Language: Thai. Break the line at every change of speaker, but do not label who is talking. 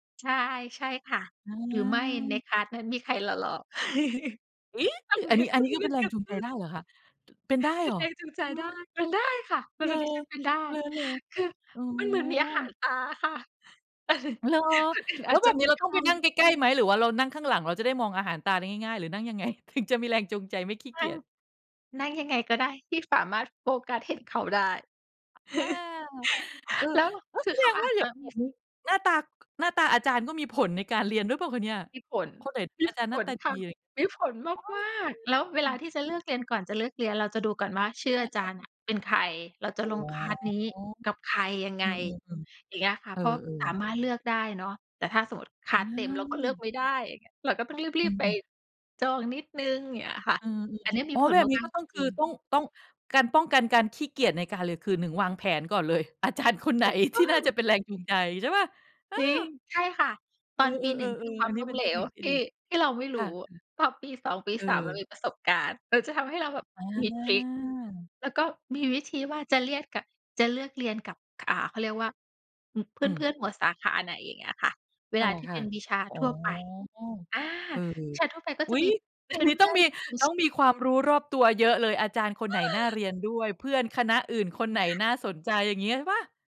ใช่ ใช่ค่ะ
อื
หรือไม่ใน
ม
คลาส นั้นมีใครหล่อ ๆ
เฮ้ย! อันนี้ อันนี้คือเป็นแรงจูงใจได้เหรอคะ เป็นได้
เป็
เหร
น
อ
แรงจูงใจ
ฮ
ได้
ะ
เป็นได้ค่ะ ส
เ
ำ
อ
หร
อ
ับดิฉันเป็นได้
เออ
คือ
อ๋
มันเหมือนมีอาหาร
อ
ตาค่ะ
เหรอ
คนอื่น
แ
อ
ล้
า
ว
จ
แ
จ
บ
ะ
บน
ไ
ี
ม
้
่
เรา
ท
ต้องไปนั
ำ
่งใกล้ ๆ ไหม หรือว่าเรานั่งข้างหลังเราจะได้มองอาหารตาได้ง่าย ๆ หรือนั่งยัง ไง? ถึงจะมีแรงจูงใจไม่ขี้
น
เ
ั
ก
่
ี
ง
ยจ
นั่งยังไงก็ได้ที่สามารถโฟกัสเห็นเขาได้
อ่า เออ
แล้ว
ก็
ค
แ
ื
ส
อ เ
ด
ขา
ง
อ
ว
า
่า
จ
เ
จ
ดี๋
ะ
ยว
มี
นี้หน้าตา หน้าตาอาจารย์ก็มีผลในการเรียนหรือเปล่าคะเนี่ย?
มีผล
คนไหน
มี
อาจารย์
ผ
หน้า
ล
ตา
ค
ด
่
ี
ะ มีผลมาก ๆ แล้วเวลาที่จะเลือกเรียน ก่อนจะเลือกเรียน เราจะดูก่อนว่าชื่อ
เอ
อาจ
อ
า
ๆ
รย์อะเป็นใคร เราจะ
อ๋อ
ลง คลาส นี้กับใครยังไ
อื
ง
ม ๆ
อย่างเงี้ยค
ๆ
่ะ
เออ
เพราะสา
ๆ
มารถเลือกได้เนาะ แต่ถ้าสมมุติ คล
อ
า
ื
ส เต็มเราก็เลือก
ม
ไม่ได้อย่างเงี้ย เราก็ต้องร
อ
ี
ื
บ ๆ ไป
ม ๆ
จองนิดหนึ่ง อย่างเงี้ยค่ะ
อืม
อันนี้ม
อ
ี
๋อ
ผล
แบบนี้
มา
ก
ก
็
ๆ
ต
จ
้อง คื
ร
อ
ิง ๆ
ต้อง ต้อง การป้องกันการขี้เกียจในการเรียนคืนหนึ่ง วางแผนก่อนเลย อาจารย์คนไห
ถ
น
ูกต
ท
้
ี่
อ
น่าจะ
ง
เป็นแรงจูงใจ ใช่เปล่า? เออ
จริง ใช่ค่ะ ต
เ
อ
อ
นปี หน
อ
ึ่ง คื
ๆ
อ
ๆ
คว
ๆ อ
า
ั
ม
นนี
ล
้
้
เป
ม
็น
เหล
เทคน
ว
ิคที่
ที
ด
่
ี
ที่เราไม่ร
ค
ู
่ะ
้
อือ
ตอนปี 2 ปี
เอ
3 เรา
อ
มีประสบการณ์ หรือจะทำให้เราแบบ
อ่
มีทริก
า
แล้วก็มีวิธีว่าจะเรียกกับ จะเลือกเรียนกับ อ่า เขาเรียกว่า เพ
อืม
ื่อน ๆ หมวดสาขาไหน อย่างเงี้ยค่ะ เว
ต่
ล
อ
าที่
ค
เ
่
ป
ะ
็นวิชา
อ๋อ
ทั่วไป อา
เออ
วิชาทั่วไปก็
ๆ อุ
จ
๊
ะ
ย
มี
อย
เ
่
พ
า
ื
งงี้ต้อ
่
ง
อน
มี
ๆ
ต้องมีความรู้รอบตัวเยอะเลย อาจารย์คนไหนน่าเรียนด้วย? เพื่อนคณะอื่นคนไหน
ค่ะ
น่าสนใจอย่างงี้ใช่เปล่า?